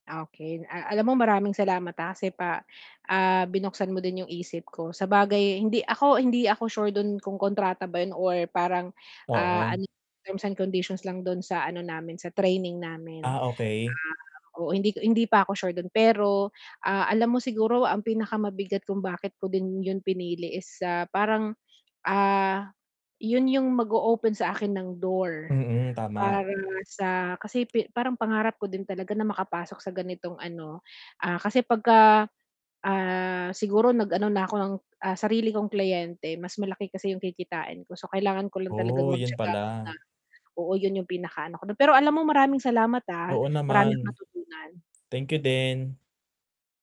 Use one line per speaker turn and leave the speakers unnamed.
Ah, okey. Ah, alam mo maraming salamat, ah, kasi pa ah, binuksan mo din 'yong isip ko, sabagay hindi ako hindi ako sure do'n kung kontrata ba 'yon or parang, ah,
Oo.
ano terms and conditions lang do'n sa ano namin, sa training namin.
Ah, okey.
Ah, oo, hindi ko hindi pa ako sure do'n. Pero, ah, alam mo siguro ang pinakamabigat kung bakit ko din 'yon pinili is, ah, parang, ah, 'yon 'yong mag-o-open sa akin ng door,
Mm, tama.
para sa kasi pe parang pangarap ko din talaga na makapasok sa ganitong ano ah, kasi 'pagka ah, siguro nag-ano na ako ng, ah, sarili kong kliyente mas malaki kasi 'yong kikitain ko. So, kailangan ko lang talagang
Oh, 'yon
magtiyaga muna.
pala.
Oo, 'yon 'yong pinakaano ko dun. Pero alam mo maraming salamat, ah,
Oo
marami akong
naman.
natutunan.
Thank you din.